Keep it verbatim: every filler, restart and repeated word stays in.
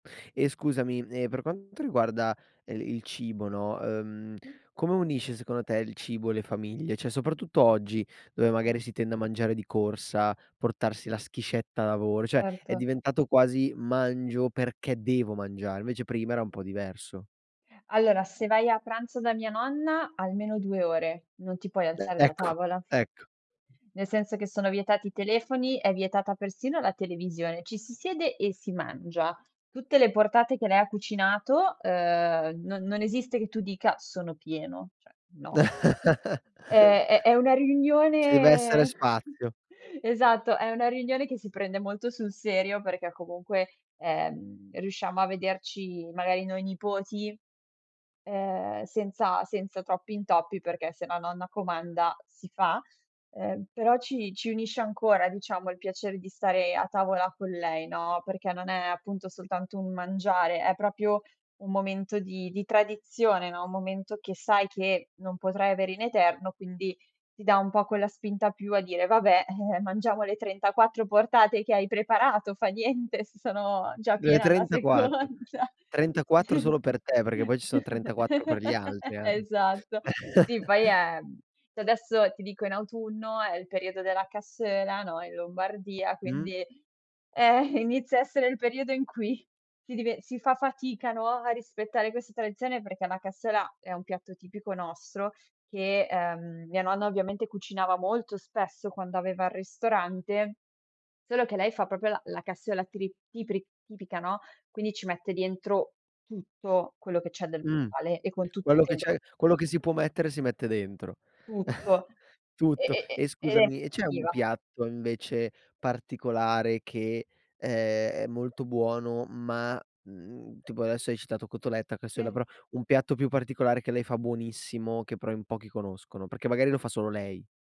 E scusami, ehm, per quanto riguarda el il cibo, no, uhm, Mh. come unisce secondo te il cibo le famiglie? cè soprattutto oggi, dove magari si tende a mangiare di corsa, portarsi la schiscetta a lavoro, cioè è Erto. diventato quasi "mangio perché devo mangiare" invece prima era un po' diverso. Allora, se vai a pranzo da mia nonna, almeno due ore. Non ti puoi E alzare da ecco, tavola. ecco. Nel senso che sono vietati i telefoni, è vietata persino la televisione, ci si siede e si mangia. Tutte le portate che lei ha cucinato, uhm, no non esiste che tu dica: "Sono pieno". cè, no. Ehm, è è una Ci deve essere riunione spazio. esatto, è una riunione che si prende molto sul serio, perché comunque, ehm, riusciamo a vederci magari noi nipoti, uhm, senza senza troppi intoppi perché se la nonna comanda, si fa. Ehm, però ci ci unisce ancora, diciamo, il piacere di stare a tavola con lei, no, perché non è appunto soltanto un mangiare, è propio un momento di di tradizione, no, un momento che sai che non potrai avere in eterno, quindi ti dà un po' quella spinta più a dire: "Vabbè, eh, mangiamo le trentaquattro portate che hai preparato fa niente, se sono già Eh, piena alla trentaquattro, seconda". trentaquattro solo per te, perché poi ci son trentaquattro per gli altri anche. Esatto. Sì, poi è mhmm, cè adesso, ti dico, in autunno è il periodo della cassoeula, no, in Lombardia, Mh. quindi eh, inizia a essere il periodo in cui ti dive si fa fatica, no, a rispettare questa tradizione, perché la cassoeula è un piatto tipico nostro che, ehm, mia nonna ovviamente cucinava molto spesso quando aveva il ristorante, solo che lei fa proprio la la cassoeula tri tipri tipica, no, quindi ci mette dentro tutto quello che c'è del Mh. male e con tutto Quello che intendo c'è quello che si può mettere si mette dentro. tutto. E Tutto e e e scusami, e e c'è un [unintelligible] piatto invece particolare che, ehm, è molto buono, ma, mhmm, tipo adesso hai citato cotoletta, casseula, Sì. però un piatto più particolare che lei fa buonissimo, che però in pochi conoscono? Perché magari lo fa solo lei.